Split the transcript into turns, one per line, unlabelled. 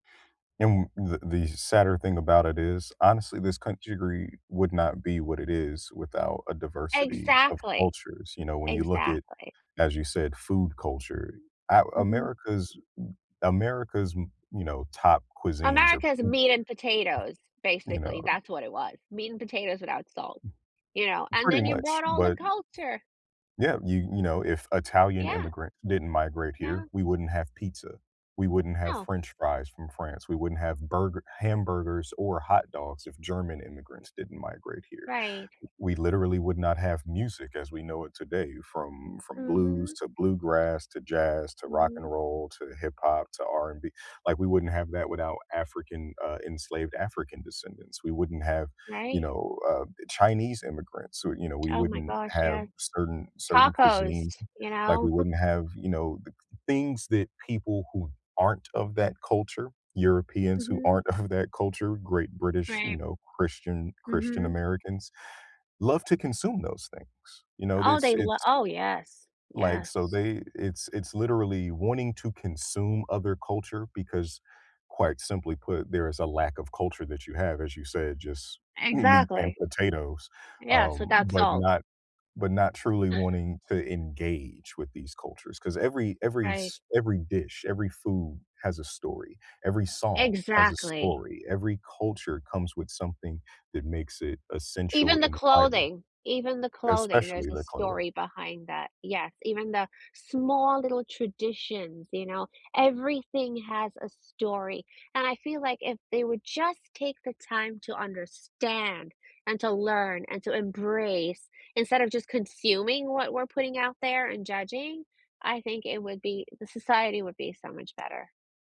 And the the sadder thing about it is, honestly, this country gri would not be what it is without a diversity of
Exactly.
cultures, you know, when you look it,
Exactly.
as you said, food culture, A
Mhm.
America's m America's m you know, top cuisines are,
America's
p [unintelligible]
meat and potatoes,
You know.
basically, that's what it was, meat and potatoes without salt, you know, and
Pretty
then you
much,
brought all the
but
culture.
Yeah, you you know, if Italian
Yeah.
immigrants didn't migrate here,
Yeah.
we wouldn't have pizza. We wouldn't have
Oh.
french fries from France, we wouldn't have burger hamburgers or hot dogs if German immigrants didn't migrate here,
Right.
we literally would not have music as we know it today from from blues,
Mhm.
to bluegrass, to jazz, to rock and
Mhm.
roll, to hip hop, to R&B like we wouldn't have that without African, uh, enslaved African descendants, we wouldn't have, you
Right.
know, uh, Chinese immigrants, who, you know, we
Oh, my
wouldn't
gosh,
have
yeah.
certain certain
Tacos,
cuisines,
you
like, we
know.
wouldn't have, you know, the c things that people who aren't of that culture, Europeans who
Mhm.
aren't of that culture, great British, you
Right.
know, Christian Christian
Mhm.
Americans, love to consume those things, you know,
Oh,
this
they lo
it's
Oh, yes.
like, so
Yes.
they it's it's literally wanting to consume other culture because, quite simply put, there is a lack of culture that you have, as you said, just m meat and
Exactly.
potatoes,
Yes,
um,
without
but
salt.
not but not truly wanting to engage with these cultures, 'cause every every
Right.
s every dish, every food has a story, every song has a
Exactly.
story, every culture comes with something that makes it essential
Even the
and viable,
clothing, even the clothing, there's
especially
a
the clothing.
story behind that, yes, even the small little traditions, you know, everything has a story, and I feel like if they would just take the time to understand and to learn and to embrace instead of just consuming what we're putting out there and judging, I think it would be the society would be so much better.